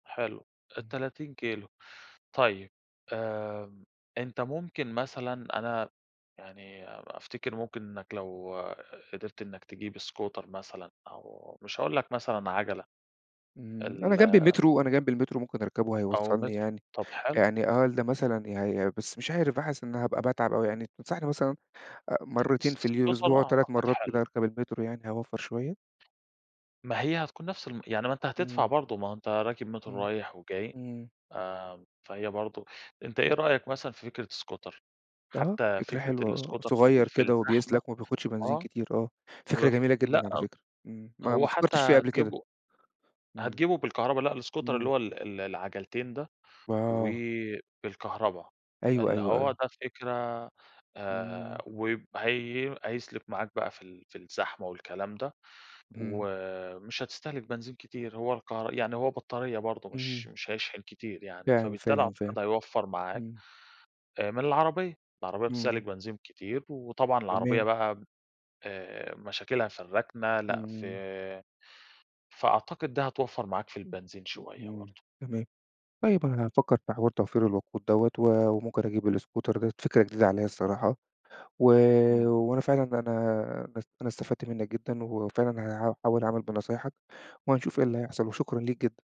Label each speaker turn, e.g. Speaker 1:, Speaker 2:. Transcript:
Speaker 1: حلو،
Speaker 2: امم.
Speaker 1: 30 كيلو. طيب آمم، أنت ممكن مثلًا أنا يعني أفتكر ممكن إنك لو قدرت إنك تجيب scooter مثلًا أو مش هاقول لك مثلًا عجلة.
Speaker 2: امم، أنا
Speaker 1: ال
Speaker 2: جنبي المترو، أنا جنبي المترو ممكن أركبه
Speaker 1: أو
Speaker 2: هيوصلني
Speaker 1: مترو
Speaker 2: يعني
Speaker 1: طب حلو.
Speaker 2: يعني أقل مثلًا يعني بس مش عارف حاسس إن هابقى باتعب أوي يعني تنصحني مثلًا آآ مرتين في
Speaker 1: بُص
Speaker 2: اليو
Speaker 1: بُص هو
Speaker 2: الأسبوع،
Speaker 1: أنا
Speaker 2: و3
Speaker 1: أعتقد
Speaker 2: مرّات
Speaker 1: حلو.
Speaker 2: كده أركب المترو يعني هاوفّر شوية؟
Speaker 1: ما هي هتكون نفس الم يعني ما أنت هتدفع
Speaker 2: امم.
Speaker 1: برضه ما هو أنت راكب مترو
Speaker 2: امم،
Speaker 1: رايح وجاي،
Speaker 2: امم.
Speaker 1: آمم، فهي برضه أنت إيه
Speaker 2: امم.
Speaker 1: رأيك مثلًا في فكرة scooter؟
Speaker 2: آه،
Speaker 1: حتى
Speaker 2: فكرة
Speaker 1: فكرة
Speaker 2: حلوة آه،
Speaker 1: الscooter في
Speaker 2: صغير
Speaker 1: ال في
Speaker 2: كده
Speaker 1: الزحمة
Speaker 2: وبيسلك وما بياخدش بنزين
Speaker 1: آه،
Speaker 2: كتير آه. فكرة
Speaker 1: وف
Speaker 2: جميلة
Speaker 1: لأ،
Speaker 2: جدًا على فكرة، امم، ما ما
Speaker 1: هو حتى
Speaker 2: فكرتش فيها قبل كده.
Speaker 1: هتجيبه
Speaker 2: إمم،
Speaker 1: هتجيبه بالكهربا لأ الscooter اللي
Speaker 2: امم.
Speaker 1: هو ال ال العجلتين ده، و
Speaker 2: آه.
Speaker 1: بالكهربا
Speaker 2: أيوه،
Speaker 1: اللي
Speaker 2: أيوه،
Speaker 1: هو
Speaker 2: أيوه.
Speaker 1: ده فكرة
Speaker 2: امم.
Speaker 1: آآ وب هي هيسلك معاك بقى في ال في الزحمة والكلام ده
Speaker 2: امم.
Speaker 1: ومش هتستهلك بنزين كتير، هو الكهر يعني هو بطارية برضه مش
Speaker 2: امم.
Speaker 1: مش هيشحن كتير يعني
Speaker 2: فاهم،
Speaker 1: فبالتالي
Speaker 2: فاهم،
Speaker 1: أعتقد
Speaker 2: فاهم.
Speaker 1: هيوفر معاك
Speaker 2: امم.
Speaker 1: آآ من العربية، العربية بتستهلِك
Speaker 2: امم.
Speaker 1: بنزين كتير، وطبعًا العربية
Speaker 2: تمام.
Speaker 1: بقى آآ مشاكلها في الركنة، لأ في
Speaker 2: امم.
Speaker 1: فأعتقد دي هتوفر معاك في
Speaker 2: امم،
Speaker 1: البنزين
Speaker 2: امم،
Speaker 1: شوية
Speaker 2: امم،
Speaker 1: برضه.
Speaker 2: تمام. طيب أنا هافكر في حوار توفير الوقود دوّة و وممكن أجيب الscooter ده فكرة جديدة عليَّ الصراحة و
Speaker 1: إمم.
Speaker 2: وأنا فعلًا أنا أنا استفدت منك جدًا وفعلًا هاحاول أعمل بنصايحك وهنشوف إيه اللي هيحصل وشكرًا ليك جدًا.